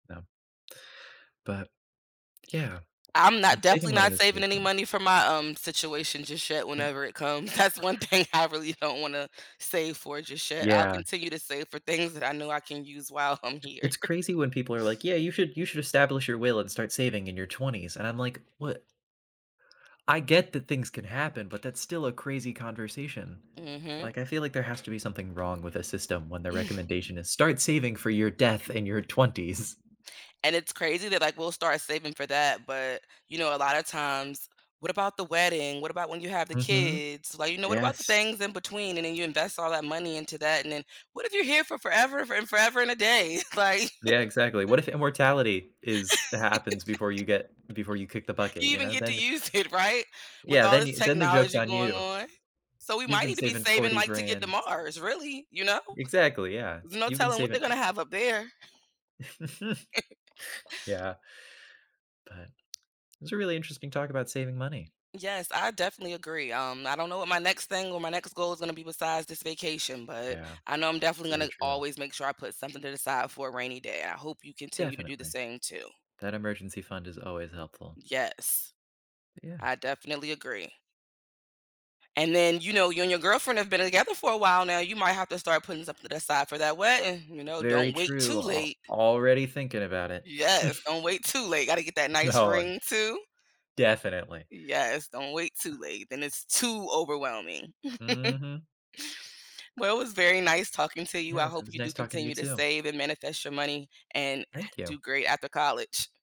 No. But yeah, I'm not saving definitely money not is saving really any fun. money for my um, situation just yet M whenever it comes. That's 1 thing I really don't wanna save for just yet, I'll Yeah. continue to save for things that I know I can use while I'm here. It's crazy when people are like, "Yeah, you should you should establish your will, and start saving in your 20s," and I'm like, "What" I get that things can happen, but that's still a crazy conversation, Mhm. like I feel like there has to be something wrong with the system when the recommendation is start saving for your death in your 20s'. And it's crazy that, like, we'll start saving for that, but you know, a lot of times "What about the wedding? What about when you have the Mhm, kids," like, you know, what about the yes. things in between and then you invest all that money into that, and then "What if you're here for f forever and forever and a day like" Yeah, exactly, what if immortality is h happens before you get before you kick the Do bucket, you you even know, get to then use it right, with Yeah, all this then then the joke's technology on going you. on. So, we You've might been need to be saving saving, 40 like, to get to grand Mars, really, you know, Exactly, yeah, there's no you've been telling what they're saving gonna have up there. yeah. But, it was a really interesting talk about saving money. Yes, I definitely agree, um, I don't know what my next thing or my next goal is gonna be besides this vacation, but Yeah, I know I'm definitely very gonna true. always make sure I put something to the side for a rainy day. I hope you continue to do the Definitely, same too. that emergency fund is always helpful. Yes, Yeah. I definitely agree. And then, you know, you and your girlfriend have been together for a while now. You might have to start putting something aside for that wedding, you know, Very don't wait true, too al late. already thinking about it. Yes, don't wait too late, gotta get that nice No, on ring too. Definitely. Yes, don't wait Uh too late, then it's too overwhelming. Mhm. Well, it was very nice talking to you. I Yes, it hope was you nice do talking to you continue to too. save and manifest your money and h Thank you. do great after college.